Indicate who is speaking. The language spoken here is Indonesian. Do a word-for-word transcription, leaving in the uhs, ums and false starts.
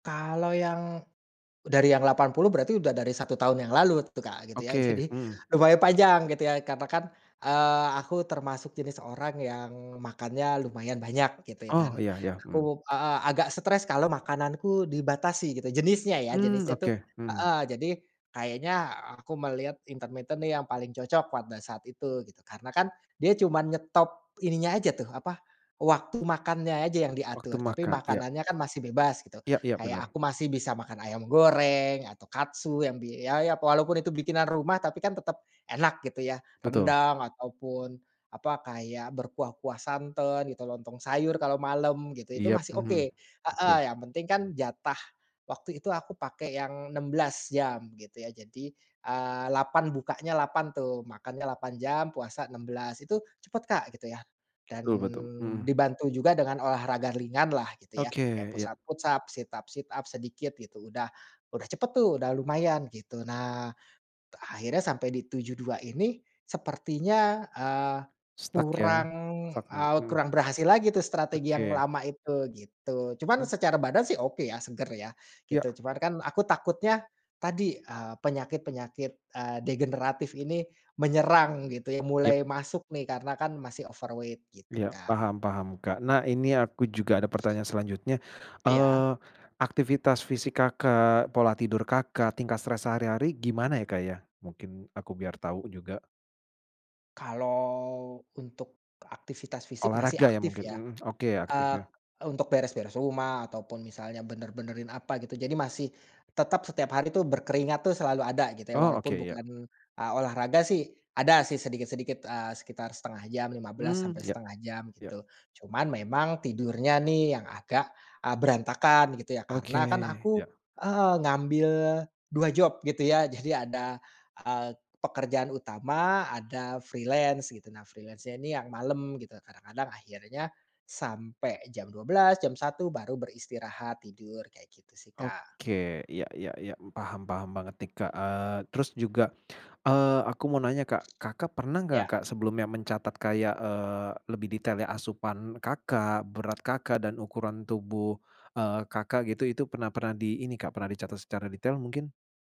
Speaker 1: Kalau yang, dari yang delapan puluh berarti udah dari satu tahun yang lalu tuh Kak gitu ya
Speaker 2: Oke,
Speaker 1: jadi,
Speaker 2: mhm.
Speaker 1: lumayan panjang gitu ya katakan, eee, aku termasuk jenis orang yang makannya lumayan banyak gitu ya
Speaker 2: Oh
Speaker 1: dan
Speaker 2: ya ya, mmm.
Speaker 1: aku, heeh, agak stres kalau makananku dibatasi gitu jenisnya ya
Speaker 2: Mmm,
Speaker 1: jenisnya tuh,
Speaker 2: oke, mhm.
Speaker 1: heeh, jadi, kayaknya aku melihat intermiten yang paling cocok pada saat itu gitu karena kan dia cuman nyetop ininya aja tuh apa, waktu makannya aja yang
Speaker 2: Waktu
Speaker 1: diatur tapi
Speaker 2: makan iya.
Speaker 1: makanannya kan masih bebas gitu
Speaker 2: Iya iya
Speaker 1: kayak
Speaker 2: bener.
Speaker 1: aku masih bisa makan ayam goreng atau katsu yang di ya ya walaupun itu bikinan rumah tapi kan tetep, enak gitu ya
Speaker 2: Betul.
Speaker 1: rendang ataupun, apa kayak berkuah-kuah santan gitu lontong sayur kalau malem gitu itu
Speaker 2: Iya,
Speaker 1: masih
Speaker 2: mhm,
Speaker 1: oke,
Speaker 2: oke.
Speaker 1: heeh, yang penting kan jatah, waktu itu aku pakai yang enam belas jam gitu ya jadi, eee, delapan bukanya delapan tuh makannya delapan jam puasa enam belas itu cepet Kak gitu ya, dan
Speaker 2: Betul betul, mhm.
Speaker 1: dibantu juga dengan olahraga ringanlah gitu ya
Speaker 2: Oke
Speaker 1: kayak push
Speaker 2: iya.
Speaker 1: up-push up sit up-sit up sedikit gitu udah udah cepet tuh udah lumayan gitu nah, akhirnya sampai di tujuh dua ini sepertinya, eee,
Speaker 2: Stuck ya?
Speaker 1: kurang,
Speaker 2: stuck ya,
Speaker 1: eee,
Speaker 2: mhm.
Speaker 1: kurang berhasil lagi tuh strategi yang
Speaker 2: Oke.
Speaker 1: lama itu gitu cuman
Speaker 2: Oh.
Speaker 1: secara badan sih oke ya seger ya,
Speaker 2: Ya.
Speaker 1: gitu cuman kan aku takutnya, tadi, eee, penyakit-penyakit, eee, degeneratif ini menyerang gitu ya
Speaker 2: Ya.
Speaker 1: mulai masuk nih karena kan masih overweight gitu,
Speaker 2: Ya
Speaker 1: Kak.
Speaker 2: paham paham Kak nah ini aku juga ada pertanyaan selanjutnya,
Speaker 1: Iya.
Speaker 2: eee, aktivitas fisik Kakak, pola tidur Kakak, tingkat stres sehari-hari gimana ya Kak ya? Mungkin aku biar tau juga.
Speaker 1: Kalau untuk aktivitas fisik masih
Speaker 2: Olahraga ya
Speaker 1: aktif
Speaker 2: mungkin,
Speaker 1: ya,
Speaker 2: mhm, oke aktif
Speaker 1: eee,
Speaker 2: ya.
Speaker 1: untuk beres-beres rumah ataupun misalnya bener-benerin apa gitu jadi masih, tetap setiap hari itu berkeringat tuh selalu ada gitu ya
Speaker 2: Oh oke
Speaker 1: walaupun
Speaker 2: iya.
Speaker 1: bukan a olahraga sih ada sih sedikit-sedikit, eee, sekitar setengah jam lima belas
Speaker 2: Mmm,
Speaker 1: sampai
Speaker 2: ya
Speaker 1: setengah jam
Speaker 2: ya.
Speaker 1: gitu, cuman memang tidurnya nih yang agak, eee, berantakan gitu ya
Speaker 2: Oke
Speaker 1: karena kan
Speaker 2: ya.
Speaker 1: aku, heeh, ngambil dua job gitu ya jadi ada, eee, pekerjaan utama ada freelance gitu nah freelance-nya ini yang malem gitu kadang-kadang akhirnya, sampai jam dua belas jam satu baru beristirahat tidur kayak gitu sih, Kak.
Speaker 2: Oke ya ya ya paham paham banget nih Kak, eee, terus juga, eee, aku mau nanya Kak, Kakak pernah gak
Speaker 1: Iya.
Speaker 2: Kak sebelumnya mencatat kayak, eee, lebih detail ya asupan Kakak, berat Kakak dan ukuran tubuh, eee, Kakak gitu itu pernah pernah di ini Kak pernah dicatat secara detail mungkin?